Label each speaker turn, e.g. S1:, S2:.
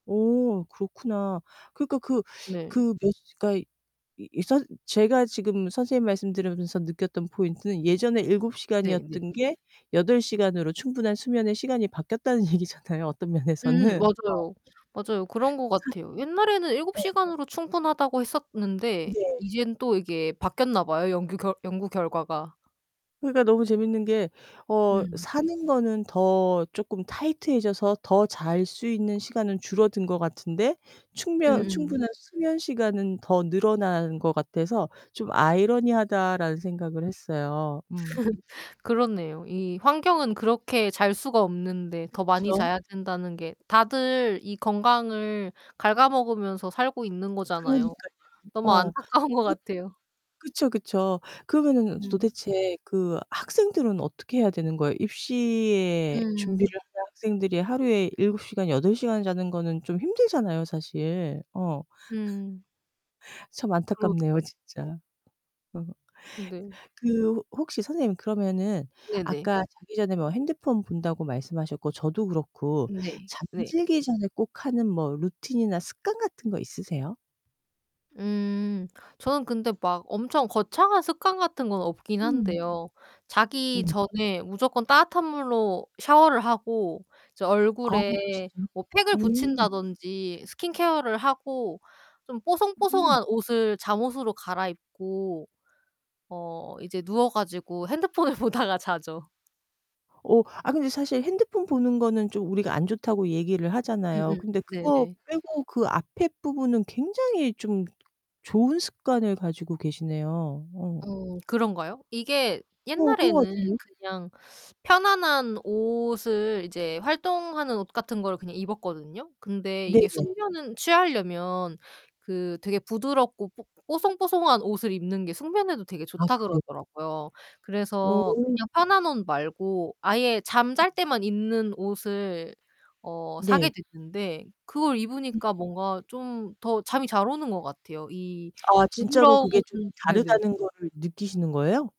S1: 오 그렇구나. 그러니까 그
S2: 네.
S1: 그 몇 시 그러니까 이 이 선 제가 지금 선생님 말씀 들으면서 느꼈던 포인트는 예전에 7
S2: 네네.
S1: 시간이었던 게 8 시간으로 충분한 수면의 시간이 바뀌었다는 얘기잖아요, 어떤
S2: 음,
S1: 면에서는 어.
S2: 맞아요. 맞아요. 그런 것
S1: 산
S2: 같아요. 옛날에는 7
S1: 네.
S2: 시간으로 충분하다고 했었는데
S1: 네.
S2: 이젠 또 이게 바뀌었나 봐요. 연규 결 연구 결과가.
S1: 그러니까 너무 재밌는게 어
S2: 음.
S1: '사는 거는 더 쪼끔 타이트해져서 더 잘 수 있는 시간은 줄어든 것 같은데 충면
S2: 음음.
S1: 충분한 수면 시간은 더 늘어난 것 같아서 좀 아이러니하다.'라는 생각을 했어요. 음.
S2: 그렇네요. 이 환경은 그렇게 잘 수가 없는데 더 많이
S1: 그쵸.
S2: 자야 된다는 게 다들 이 건강을 갉아먹으면서 살고 있는 거잖아요.
S1: 그러니깐요.
S2: 너무
S1: 어.
S2: 안타까운 것
S1: 그리고
S2: 같아요.
S1: 그쵸, 그쵸. 그러면은
S2: 음.
S1: 도대체 그 학생들은 어떻게 해야 되는 거예요? 입시에 준비를
S2: 음.
S1: 하는 학생들이 하루에 7 시간 8 시간 자는 거는 좀 힘들잖아요, 사실 어.
S2: 음.
S1: 참 안타깝네요,
S2: 그렇죠.
S1: 진짜. 음.
S2: 근데
S1: 그 혹시 선생님 그러면은
S2: 네네.
S1: 아까 자기 전에 뭐 핸드폰 본다고 말씀하셨고 저도 그렇고
S2: 네. 네.
S1: 잠들기 전에 꼭 하는 뭐 루틴이나 습관 같은 거 있으세요?
S2: 음 저는 근데 막 엄청 거창한 습관 같은 건 없긴
S1: 음.
S2: 한데요 자기
S1: 네.
S2: 전에 무조건 따뜻한 물로 샤워를 하고 이제
S1: 아 진짜요?
S2: 얼굴에 뭐 팩을
S1: 음.
S2: 붙인다든지 스킨 케어를 하고 좀
S1: 음.
S2: 뽀송뽀송한 옷을 잠옷으로 갈아입고 어 이제 누워 가지고 핸드폰을 보다가 자죠.
S1: 오. 아 근데 사실 핸드폰 보는 거는 좀 우리가 안 좋다고 얘기를 하잖아요.
S2: 음음
S1: 근데 그거
S2: 네네.
S1: 빼고 그 앞에 부분은 굉장히 좀 좋은 습관을 가지고 계시네요. 어.
S2: 어 그런가요? 이게
S1: 어 그런 거
S2: 옛날에는
S1: 같은데요?
S2: 그냥 편안한 옷을 이제 활동하는 옷 같은 거를 그냥 입었거든요. 근데 이게
S1: 네네.
S2: 숙면은 취하려면 그 되게 부드럽고 뽀 뽀송뽀송한 옷을 입는 게 숙면에도 되게
S1: 아
S2: 좋다
S1: 그래요?
S2: 그러더라고요. 그래서
S1: 오.
S2: 그냥 편한 옷 말고 아예 잠 잘 때만 입는 옷을 어 사게
S1: 네.
S2: 됐는데 그걸
S1: 음.
S2: 입으니까 뭔가 좀 더 잠이 잘 오는 것 같아요. 이
S1: 아 진짜로
S2: 부드러운
S1: 그게 좀
S2: 네네.
S1: 다르다는 거를 느끼시는 거예요?